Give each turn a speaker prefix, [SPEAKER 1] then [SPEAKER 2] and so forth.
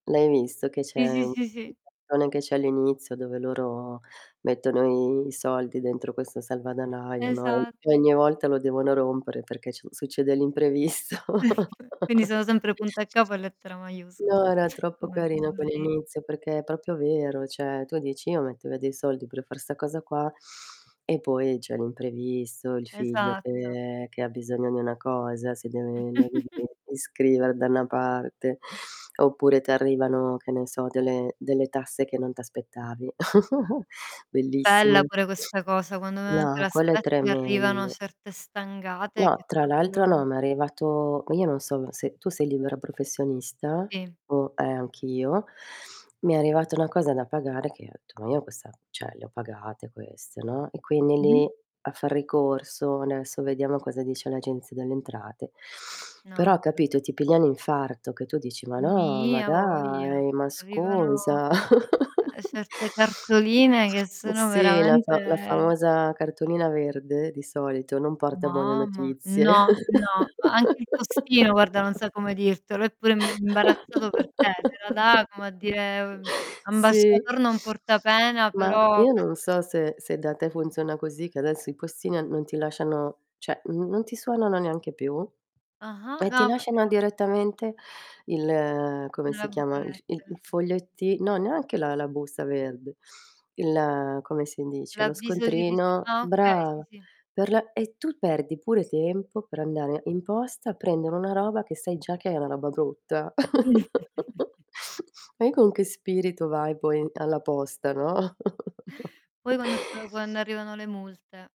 [SPEAKER 1] L'hai visto che
[SPEAKER 2] Sì,
[SPEAKER 1] c'è
[SPEAKER 2] sì,
[SPEAKER 1] u
[SPEAKER 2] sì, sì.
[SPEAKER 1] [unintelligible] che c'è all'inizio dove loro mettono i soldi dentro questo salvadanaio, no, e
[SPEAKER 2] Esatto.
[SPEAKER 1] e ogni volta lo devono rompere perché c succede l'imprevisto.
[SPEAKER 2] Quindi, sono sempre punto e a capo e lettera maiuscol
[SPEAKER 1] No, era troppo
[SPEAKER 2] come si
[SPEAKER 1] carino co
[SPEAKER 2] suol di
[SPEAKER 1] inizio perché è proprio vero. Cioè tu dici: "Io mettevo dei soldi per far 'sta cosa qua." E poi, c'è l'imprevisto, il figlio
[SPEAKER 2] Esatto.
[SPEAKER 1] che che ha bisogno di una cosa, si deve [unintelligible] iscrivere da 'na parte, oppure t'arrivano, che ne so, delle delle tasse che non t'aspettavi.
[SPEAKER 2] Bella
[SPEAKER 1] Bellissimo.
[SPEAKER 2] pure questa cosa, quando meno te
[SPEAKER 1] No, quello è
[SPEAKER 2] l'aspetti arrivano
[SPEAKER 1] tremendo.
[SPEAKER 2] certe stangate che
[SPEAKER 1] No. Tra l'altro,
[SPEAKER 2] proprio
[SPEAKER 1] no, m'è arrivato io non sono se tu sei libera professionista
[SPEAKER 2] Sì.
[SPEAKER 1] o eh, anch'io. Mi è arrivata una cosa da pagare che ho etto: "Ma io questa cioè, le ho pagate queste," no, e quindi
[SPEAKER 2] Mh-mh.
[SPEAKER 1] lì a far ricorso. Adesso vediamo cosa dice l'Agenzia delle Entrate.
[SPEAKER 2] No,
[SPEAKER 1] Però,
[SPEAKER 2] vabbè.
[SPEAKER 1] capito, ti piglia un infarto che tu dici: "Ma no, ma
[SPEAKER 2] Mi, a voglia.
[SPEAKER 1] dai, ma
[SPEAKER 2] Arrivano,
[SPEAKER 1] scusa."
[SPEAKER 2] uhm, certe cartoline che
[SPEAKER 1] Eh,
[SPEAKER 2] sono
[SPEAKER 1] sì. La fa la
[SPEAKER 2] veramente
[SPEAKER 1] famosa cartolina verde, di solito, non porta buone
[SPEAKER 2] Mamma,
[SPEAKER 1] notizie.
[SPEAKER 2] no. No. Anche il postino, guarda, non sa come dirtelo, è pure imbarazzato per te, te la dà come a dire, mhmm,
[SPEAKER 1] Sì.
[SPEAKER 2] ambasciator non porta pena,
[SPEAKER 1] Ma,
[SPEAKER 2] però
[SPEAKER 1] io
[SPEAKER 2] quest'è.
[SPEAKER 1] non so se se da te funziona così che adesso i postini a non ti lasciano cioè, n non ti suonano neanche più,
[SPEAKER 2] Ah-ah.
[SPEAKER 1] e
[SPEAKER 2] No,
[SPEAKER 1] ti
[SPEAKER 2] a volte
[SPEAKER 1] lasciano
[SPEAKER 2] ca
[SPEAKER 1] direttamente il come si
[SPEAKER 2] Nella
[SPEAKER 1] chiama?
[SPEAKER 2] buca
[SPEAKER 1] il f i il
[SPEAKER 2] lettere.
[SPEAKER 1] foglietti no, neanche la la busta verde. Il come si dice? Lo
[SPEAKER 2] L'avviso di dici
[SPEAKER 1] scontrino.
[SPEAKER 2] ah, okay. Sì,
[SPEAKER 1] Brava.
[SPEAKER 2] sì.
[SPEAKER 1] Per la e tu perdi pure tempo per andare in posta a prendere una roba che sai già che è una roba brutta.
[SPEAKER 2] Mh.
[SPEAKER 1] E con che spirito vai poi alla posta, no?
[SPEAKER 2] Poi, quando s quando arrivano le multe.